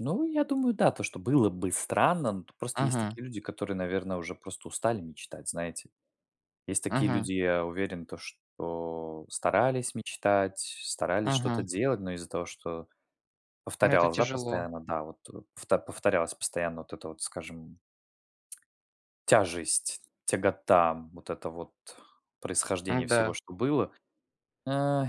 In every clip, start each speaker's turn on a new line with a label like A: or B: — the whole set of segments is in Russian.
A: Ну, я думаю, да, то что было бы странно. Но т просто есть
B: Мгм.
A: такие люди, которые, наверно, уже просто устали мечтать. Знаете, есть такие
B: Мгм.
A: люди, я уверен, то что старались мечтать, старались что-то
B: Мгм.
A: делать, но из-за того, что
B: Ну, это
A: повторялось, да,
B: тяжело.
A: постоянно да, вот, э, повт повторялась постоянно вот это вот, скажем, тяжесть, тягота, вот это вот происхождение всего,
B: М-да.
A: что было, эй,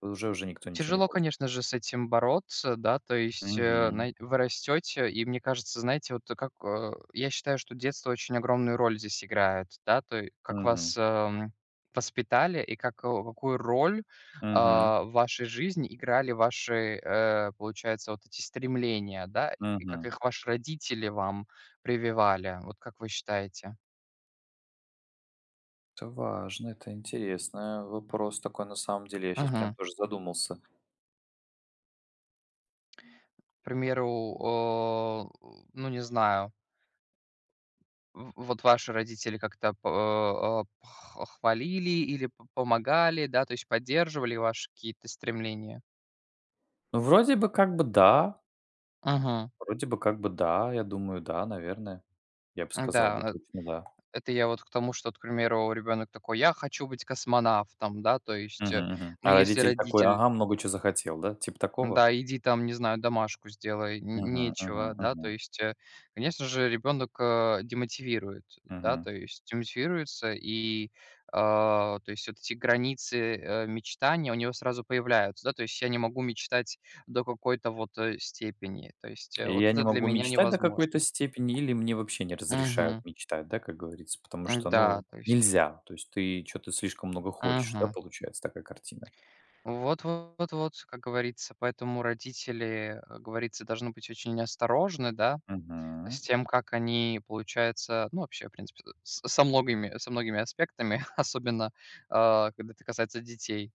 A: уже уже никто ничего не
B: Тяжело,
A: хочет.
B: конечно же, с этим бороться, да. То есть, э,
A: Мгм.
B: знае вы растете, и мне кажется, знаете, вот как а, я считаю, что детство очень огромную роль здесь играет, да. То й как
A: Мгм.
B: вас, ам, воспитали и как э, какую роль,
A: Мгм.
B: а, в вашей жизни играли ваши, э, получается, вот эти стремления, да, и как
A: Мгм.
B: их ваши родители вам прививали. Вот как вы считаете?
A: Это важно, это интересное, вопрос такой на самом деле, я щас прям
B: Мгм.
A: тоже задумался.
B: К примеру, о, э, ну, не знаю в вот ваши родители как-то па э х хвалили или п помогали, да, то есть поддерживали ваши какие-то стремления?
A: Ну, вроде бы, как бы, да.
B: Мгм.
A: Вроде бы, как бы, да. Я думаю, да, наверное. Я бы сказал бы,
B: М-да, э,
A: точно да.
B: это я вот к тому, что, вот, к примеру, ребенок такой: "Я хочу быть космонавтом". Да, то есть, э,
A: Мгм, мгм.
B: ну,
A: А
B: если
A: родитель такой:
B: родитель
A: "Ага, много чё захотел, да?" Типа такого?
B: Да, иди там, не знаю, домашку сделай, нь
A: Мгм,
B: нечего.
A: мгм,
B: Да, то
A: мгм.
B: есть, э, конечно же, ребенок, а, демотивирует, да,
A: Мгм.
B: то есть демотивируется, и, а, то есть вот эти границы, э, мечтаний у него сразу появляются, да. То есть я не могу мечтать до какой-то вот, э, степени, то есть, э,
A: И
B: вот
A: я не
B: это для
A: могу
B: меня
A: мечтать до какой-то
B: невозможно.
A: степени или мне вообще не разрешают
B: Мгм.
A: мечтать, да, как говорится, потому что,
B: М-да,
A: ну,
B: то есть.
A: нельзя, то есть ты чё-то слишком много хочешь, да,
B: Мгм.
A: получается такая картина.
B: Вот вот вот, как говорится. Поэтому родители, э, говорится, должны быть очень осторожны, да, с
A: Мгм.
B: тем, как они, получается, ну, вообще, в принципе, с со многими со многими аспектами, особенно, а, когда это касается детей.